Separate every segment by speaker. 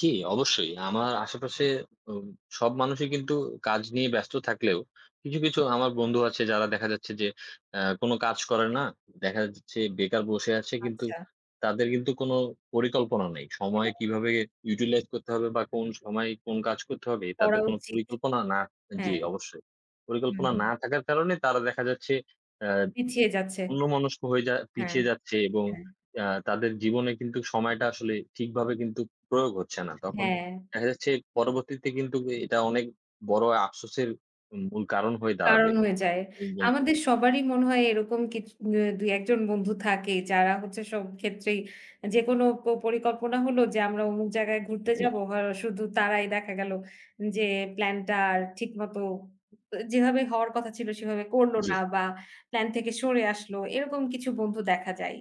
Speaker 1: জ্বি, অবশ্যই। আমার আশেপাশে অম সব মানুষই কিন্তু কাজ নিয়ে ব্যস্ত থাকলেও কিছু, কিছু আমার বন্ধু আছে যারা দেখা যাচ্ছে যে অ্যা কোনো কাজ করে না। দেখা যাচ্ছে বেকার বসে আছে কিন্তু
Speaker 2: আচ্ছা।
Speaker 1: তাদের কিন্তু কোনো পরিকল্পনা নেই। সময়
Speaker 2: হ্যাঁ।
Speaker 1: কিভাবে ইউটিলাইজ করতে হবে বা কোন সময় কোন কাজ করতে হবে
Speaker 2: করা
Speaker 1: তাদের কোনো
Speaker 2: উচিত।
Speaker 1: পরিকল্পনা না জি
Speaker 2: হ্যাঁ।
Speaker 1: অবশ্যই। পরিকল্পনা
Speaker 2: হুম।
Speaker 1: না থাকার কারণে তারা দেখা যাচ্ছে অ্যা
Speaker 2: পিছিয়ে যাচ্ছে।
Speaker 1: অন্যমনস্ক হয়ে যা
Speaker 2: হ্যাঁ,
Speaker 1: পিছিয়ে যাচ্ছে এবং
Speaker 2: হ্যাঁ।
Speaker 1: অ্যা তাদের জীবনে কিন্তুক সময়টা আসলে ঠিকভাবে কিন্তুক প্রয়োগ হচ্ছে না।
Speaker 2: আচ্ছা,
Speaker 1: তখন
Speaker 2: হ্যাঁ।
Speaker 1: দেখা যাচ্ছে পরবর্তীতে কিন্তুক এটা অনেক বড় আফসোসের মূল কারণ হয়ে দাঁড়াবে।
Speaker 2: কারণ হয়ে যায়।
Speaker 1: একদম
Speaker 2: আমাদের
Speaker 1: খুবি
Speaker 2: সবারই মনে হয় এরকম কিছু মে ২, ১ জন বন্ধু থাকেই। যারা হচ্ছে সব ক্ষেত্রেই যেকোনো প পরিকল্পনা হলো যে আমরা অমুক জায়গায় ঘুরতে
Speaker 1: জ্বী।
Speaker 2: যাব। হ শুধু তারাই দেখা গেল যে প্লান টার ঠিক মতো উ যেভাবে হওয়ার কথা কথা ছিল সেভাবে করল
Speaker 1: জ্বি।
Speaker 2: না বা প্ল্যান থেকে সরে আসলো। এরকম কিছু বন্ধু দেখা যায়।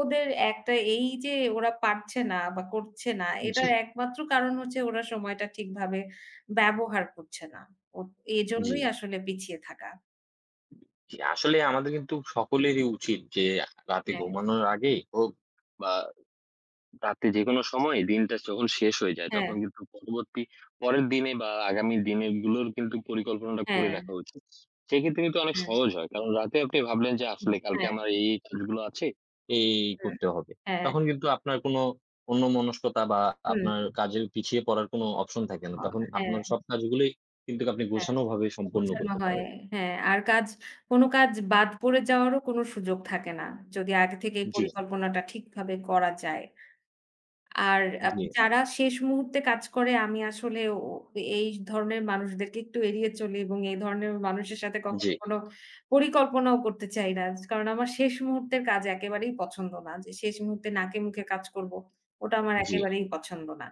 Speaker 2: ওদের একটা এইযে ওরা পারছে না বা করছে না।
Speaker 1: জ্বি।
Speaker 2: এটার একমাত্র কারণ হচ্ছে ওরা সময়টা ঠিকভাবে ব্যবহার করছে না। ওঁৎ এজন্যই
Speaker 1: জ্বি।
Speaker 2: আসলে পিছিয়ে থাকা।
Speaker 1: জ্বি, আসলে আমাদের কিন্তু সকলেরই উচিত যে রাতে
Speaker 2: হ্যাঁ।
Speaker 1: ঘুমানোর আগেই হোক বা রাতে যেকোনো সময় দিনটা যখন শেষ হয়ে যায় তখন
Speaker 2: হ্যাঁ।
Speaker 1: কিন্তু পরবর্তী, পরের দিনে বা আগামী দিনে গুলোর কিন্তু পরিকল্পনাটা করে
Speaker 2: হ্যাঁ।
Speaker 1: রাখা উচিত সেক্ষেত্রে কিন্তু অনেক
Speaker 2: হ্যাঁ।
Speaker 1: সহজ হয়। কারণ রাতে আপনি ভাবলেন যে
Speaker 2: উ
Speaker 1: আসলে কালকে
Speaker 2: হ্যাঁ।
Speaker 1: আমার এই, এই কাজগুলো আছে, এই, এই
Speaker 2: হ্যাঁ,
Speaker 1: করতে হবে।
Speaker 2: হ্যাঁ।
Speaker 1: তখন কিন্তু আপনার কোনো অন্য মনস্কতা বা
Speaker 2: হুঁ।
Speaker 1: আপনার কাজের পিছিয়ে পড়ার কোনো অপশন থাকে না।
Speaker 2: অ
Speaker 1: তখন
Speaker 2: হ্যাঁ।
Speaker 1: আপনার সব কাজগুলোই কিন্তুক আপনি
Speaker 2: হ্যাঁ,
Speaker 1: গোছানোভাবে সম্পন্ন
Speaker 2: গোছানো
Speaker 1: করতে
Speaker 2: হয়।
Speaker 1: পারেন।
Speaker 2: হ্যাঁ আর কাজ, কোনো কাজ বাদ পড়ে যাওয়ারও কোনো সুযোগ থাকে না। যদি আগে থেকেই
Speaker 1: জ্বী।
Speaker 2: পরিকল্পনাটা ঠিকভাবে করা যায়। আর অ্যা
Speaker 1: জ্বি।
Speaker 2: যারা শেষ মুহূর্তে কাজ করে আমি আসলে ও এই ধরনের মানুষদেরকে একটু এড়িয়ে চলি এবং এই ধরনের মানুষের সাথে কখনো
Speaker 1: জ্বি।
Speaker 2: কোনো পরিকল্পনাও করতে চাই না। কারণ আমার শেষ মুহূর্তের কাজ একেবারেই পছন্দ না। যে শেষ মুহূর্তে নাকে মুখে কাজ করব। ওটা আমার
Speaker 1: জ্বি।
Speaker 2: একেবারেই পছন্দ না।